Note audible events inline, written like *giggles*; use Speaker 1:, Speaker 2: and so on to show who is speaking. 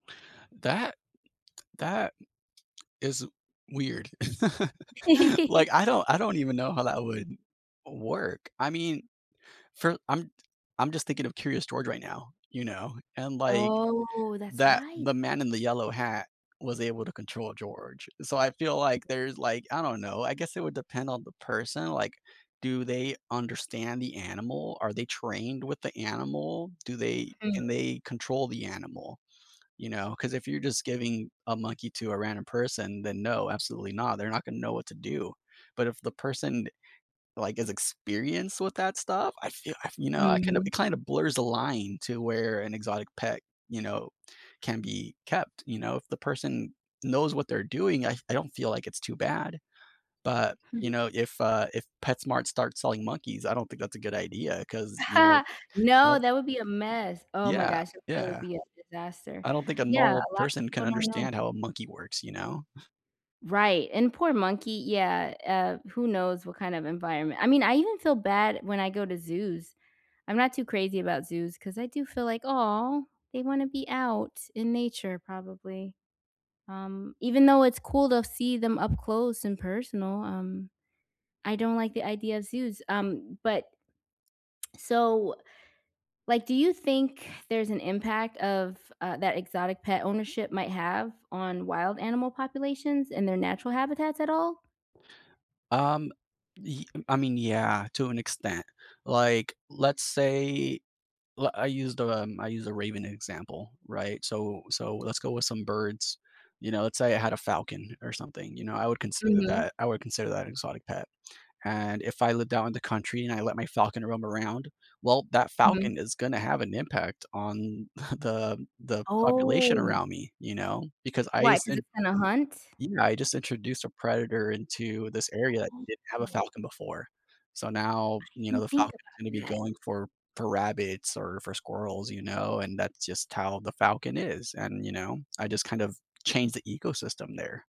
Speaker 1: That that is weird. *chuckles*
Speaker 2: *giggles*
Speaker 1: Like, I don't I don't even know how that would work. I mean, for I'm I'm just thinking of Curious George right now, you know, and, like,
Speaker 2: Oh, that's
Speaker 1: that
Speaker 2: right.
Speaker 1: the man in the yellow hat was able to control George, so, I feel, like, there's, like I don't know, I guess it would depend on the person, like, do they understand the animal? Are they trained with the animal? Do they
Speaker 2: Hmm.
Speaker 1: can they control the animal? You know, 'cause if you're just giving a monkey to a random person, then no, absolutely not, they're not gonna know what to do, but if the person, like, is experienced with that stuff, I feel I f you know, I kind of
Speaker 2: Mhm.
Speaker 1: it kind of blurs the line to where an exotic pet, you know, can be kept, you know if the person knows what they're doing, I f I don't feel like it's too bad, but, you
Speaker 2: Hmm.
Speaker 1: know, if, uh, if PetSmart starts selling monkeys, I don't think that's a good idea 'cause, you know,
Speaker 2: *chuckles* No,
Speaker 1: well
Speaker 2: that would be a mess, oh, my
Speaker 1: Yeah,
Speaker 2: gosh, that would
Speaker 1: yeah.
Speaker 2: be a disaster.
Speaker 1: I don't think a
Speaker 2: Yeah,
Speaker 1: normal
Speaker 2: a lot of
Speaker 1: person
Speaker 2: people
Speaker 1: can
Speaker 2: don't know.
Speaker 1: understand how a monkey works, you know? *chuckles*
Speaker 2: Right, and poor monkey, yeah, uh, who knows what kind of environment I mean, I even feel bad when I go to zoos. I'm not too crazy about zoos 'cause I do feel like, "Aw, they wanna be out, in nature probably," um, even though it's cool to see them up close and personal, um, I don't like the idea zoos, um, but so like, do you think there's an impact of, uh, that exotic pet ownership might have on wild animal populations and their natural habitats at all?
Speaker 1: Um, y I mean, yeah, to an extent, like, let's say li I used a um, I used a raven example, right? So so, let's go with some birds, you know, let's say I had a falcon, or something, you know, I would consider
Speaker 2: Mhm.
Speaker 1: that I would consider that an exotic pet, and if I lived out in the country and I let my falcon roam around, well, that
Speaker 2: Mhm.
Speaker 1: falcon is gonna have an impact on *chuckles* the the population
Speaker 2: Oh.
Speaker 1: around me, you know, because I
Speaker 2: Why, 'cause
Speaker 1: sen
Speaker 2: it's gonna hunt?
Speaker 1: Yeah, I just introduced a predator into this area that didn't have a
Speaker 2: *unintelligible*
Speaker 1: falcon before, so ,now,
Speaker 2: I
Speaker 1: you know,
Speaker 2: didn't
Speaker 1: the
Speaker 2: think
Speaker 1: falcon's
Speaker 2: about
Speaker 1: gonna be
Speaker 2: that.
Speaker 1: going for for rabbits or for squirrels, you know, and that's just how the falcon is and, you know, I just kind of changed the ecosystem there.